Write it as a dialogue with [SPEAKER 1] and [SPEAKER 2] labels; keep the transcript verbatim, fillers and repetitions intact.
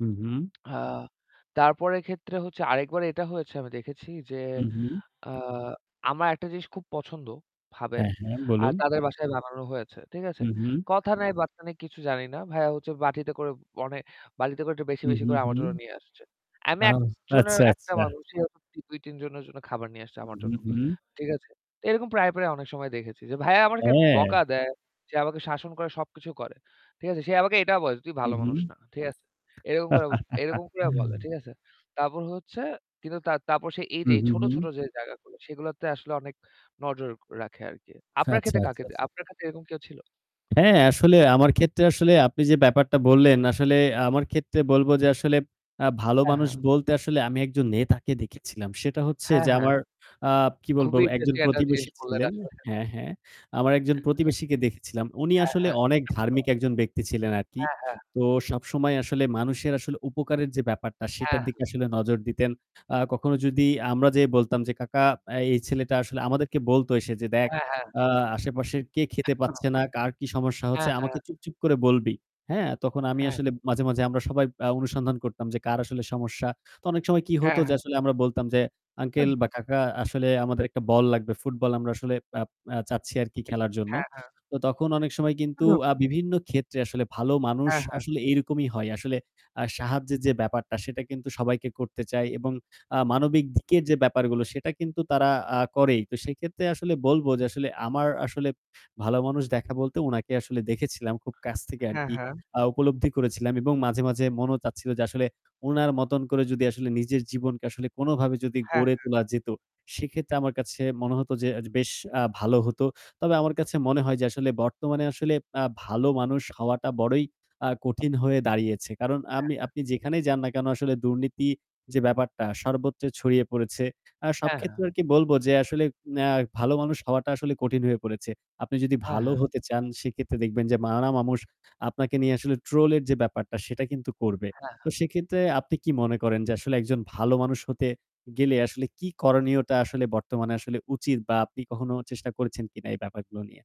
[SPEAKER 1] হু, হু।
[SPEAKER 2] আ তারপরের ক্ষেত্রে হচ্ছে আরেকবার এটা হয়েছে আমি দেখেছি যে,
[SPEAKER 1] হু, হু।
[SPEAKER 2] আ আমার একটা জিনিস খুব পছন্দ, ভাবেন।
[SPEAKER 1] হ্যাঁ, হ্যাঁ
[SPEAKER 2] আর
[SPEAKER 1] বলুন।
[SPEAKER 2] তাদের বাসায় বানানো হয়েছে। ঠিক আছে?
[SPEAKER 1] হু, হু।
[SPEAKER 2] কথা নাই বার্তা নেই কিছু জানি না। ভাইয়া হচ্ছে বাটিতে করে অনে বাটিতে করে একটু বেশি,
[SPEAKER 1] হু,
[SPEAKER 2] বেশি
[SPEAKER 1] হু,
[SPEAKER 2] করে
[SPEAKER 1] হু।
[SPEAKER 2] আমার জন্য নিয়ে আসছে। আমি
[SPEAKER 1] আ
[SPEAKER 2] এক জনের
[SPEAKER 1] আচ্ছা,
[SPEAKER 2] এক টা
[SPEAKER 1] আচ্ছা।
[SPEAKER 2] মানুষ [unintelligible] দুই-তিন জনের জন্য খাবার নিয়ে আসছে
[SPEAKER 1] হু,
[SPEAKER 2] আমার জন্য।
[SPEAKER 1] হু।
[SPEAKER 2] ঠিক আছে? এরকম প্রায়, প্রায় অনেক সময় দেখেছি যে ভাইয়া আমাদেরকে
[SPEAKER 1] হ্যাঁ।
[SPEAKER 2] বকা দেয়। সে আমাকে শাসন করে সবকিছু করে। সে আমাকে এটা বলে, "তুই
[SPEAKER 1] হু,
[SPEAKER 2] ভালো মানুষ
[SPEAKER 1] হু।
[SPEAKER 2] না।" ঠিক আছে? এরকম করে এরকম করে বলে। ঠিক আছে? তারপর হচ্ছে কিন্তু তার তারপর এই
[SPEAKER 1] হু,
[SPEAKER 2] যে
[SPEAKER 1] হু,
[SPEAKER 2] ছোট,
[SPEAKER 1] হু।
[SPEAKER 2] ছোট যে জায়গাগুলো সেগুলোতে আসলে অনেক নজর রাখে আরকি।
[SPEAKER 1] আচ্ছা,
[SPEAKER 2] আপনার ক্ষেত্রে
[SPEAKER 1] আচ্ছা,
[SPEAKER 2] কাকে
[SPEAKER 1] আচ্ছা।
[SPEAKER 2] আপনার ক্ষেত্রে এরকম কেউ ছিল?
[SPEAKER 1] হ্যাঁ, আসলে আমার ক্ষেত্রে আসলে আপনি যে ব্যাপারটা বললেন, আসলে আমার ক্ষেত্রে বলব যে আসলে আ ভালো
[SPEAKER 2] হ্যাঁ,
[SPEAKER 1] মানুষ
[SPEAKER 2] হ্যাঁ।
[SPEAKER 1] বলতে আসলে আমি একজন নেতাকে দেখেছিলাম। সেটা হচ্ছে
[SPEAKER 2] হ্যাঁ,
[SPEAKER 1] যে
[SPEAKER 2] হ্যাঁ।
[SPEAKER 1] আমার আ কি বলবো
[SPEAKER 2] খুবই
[SPEAKER 1] একজন
[SPEAKER 2] ইন্টারেস্টিং একটা
[SPEAKER 1] প্রতিবেশী
[SPEAKER 2] জিনিস বললেন
[SPEAKER 1] ছিলেন,
[SPEAKER 2] আসলে।
[SPEAKER 1] হ্যাঁ, হ্যাঁ। আমার একজন প্রতিবেশীকে দেখেছিলাম। উনি
[SPEAKER 2] হ্যাঁ,
[SPEAKER 1] আসলে
[SPEAKER 2] হ্যাঁ।
[SPEAKER 1] অনেক ধার্মিক একজন ব্যক্তি ছিলেন আরকি।
[SPEAKER 2] হ্যাঁ, হ্যাঁ।
[SPEAKER 1] তো সবসময় আসলে মানুষের আসলে উপকারের যে ব্যাপারটা সেটার
[SPEAKER 2] হ্যাঁ।
[SPEAKER 1] দিকে আসলে নজর দিতেন। আ কখনো যদি আমরা যে বলতাম যে, "কাকা, আ এই ছেলেটা" আসলে আমাদেরকে বলত এসে যে, "দেখ
[SPEAKER 2] হ্যাঁ, হ্যাঁ।
[SPEAKER 1] আ আশেপাশের কে খেতে পাচ্ছে
[SPEAKER 2] ও!
[SPEAKER 1] না, কার কি সমস্যা হচ্ছে
[SPEAKER 2] হ্যাঁ, হ্যাঁ।
[SPEAKER 1] আমাকে চুপ চুপ করে বলবি।" হ্যাঁ, তখন আমি
[SPEAKER 2] হ্যাঁ।
[SPEAKER 1] আসলে মাঝে, মাঝে আমরা সবাই আ অনুসন্ধান করতাম যে কার আসলে সমস্যা। তো অনেক সময় কি হতো
[SPEAKER 2] হ্যাঁ,
[SPEAKER 1] যে
[SPEAKER 2] হ্যাঁ।
[SPEAKER 1] আসলে আমরা বলতাম যে, "আঙ্কেল
[SPEAKER 2] উহুম।
[SPEAKER 1] বা কাকা, আসলে আমাদের একটা বল লাগবে ফুটবল আমরা আসলে আপ আ চাচ্ছি আরকি খেলার জন্য।"
[SPEAKER 2] হ্যাঁ, হ্যাঁ।
[SPEAKER 1] তো তখন অনেক সময় কিন্তু
[SPEAKER 2] হু।
[SPEAKER 1] আ বিভিন্ন ক্ষেত্রে আসলে ভালো মানুষ
[SPEAKER 2] হ্যাঁ, হ্যাঁ।
[SPEAKER 1] আসলে এরকমই হয়। আসলে আ সাহায্যের যে ব্যাপারটা সেটা কিন্তু সবাইকে করতে চায় এবং আ মানবিক দিকের যে ব্যাপারগুলো সেটা কিন্তু তারা আ করেই। তো সেক্ষেত্রে আসলে বলব যে আসলে আমার আসলে ভালো মানুষ দেখা বলতে উনাকে আসলে দেখেছিলাম। খুব কাছ থেকে
[SPEAKER 2] হ্যাঁ,
[SPEAKER 1] আরকি
[SPEAKER 2] হ্যাঁ।
[SPEAKER 1] আ উপলব্ধি করেছিলাম এবং মাঝে, মাঝে মনেও চাচ্ছিল যে আসলে উনার মতন করে যদি আসলে নিজের জীবনকে আসলে কোনভাবে যদি
[SPEAKER 2] হ্যাঁ,
[SPEAKER 1] গড়ে
[SPEAKER 2] হ্যাঁ।
[SPEAKER 1] তোলা যেত, সেক্ষেত্রে আমার কাছে মনে হত যে আ বেশ আ ভালো হতো। তবে আমার কাছে মনে হয় যে আসলে বর্তমানে আসলে আ ভালো মানুষ হওয়াটা বড়ই আ কঠিন হয়ে দাঁড়িয়েছে। কারণ
[SPEAKER 2] হ্যাঁ,
[SPEAKER 1] আমি
[SPEAKER 2] হ্যাঁ।
[SPEAKER 1] আপনি যেখানেই যান না কেন আসলে দুর্নীতি যে ব্যাপারটা সর্বত্র ছড়িয়ে পড়েছে। আর সব
[SPEAKER 2] হ্যাঁ,
[SPEAKER 1] ক্ষেত্রে
[SPEAKER 2] হ্যাঁ।
[SPEAKER 1] আর কি বলব যে আসলে না, ভালো মানুষ হওয়াটা আসলে কঠিন হয়ে পড়েছে। আপনি যদি
[SPEAKER 2] হ্যাঁ,
[SPEAKER 1] ভালো
[SPEAKER 2] হ্যাঁ।
[SPEAKER 1] হতে চান সেক্ষেত্রে দেখবেন যে নানা মামুষ আপনাকে নিয়ে আসলে ট্রোল এর যে ব্যাপারটা সেটা কিন্তু করবে।
[SPEAKER 2] হ্যাঁ।
[SPEAKER 1] তো সেক্ষেত্রে আপনি কি মনে করেন যে আসলে একজন ভালো মানুষ হতে গেলে আসলে কী করণীয়তা আসলে বর্তমানে আসলে উচিত বা আপনি কখনো চেষ্টা করছেন কিনা এই ব্যাপারগুলো নিয়ে।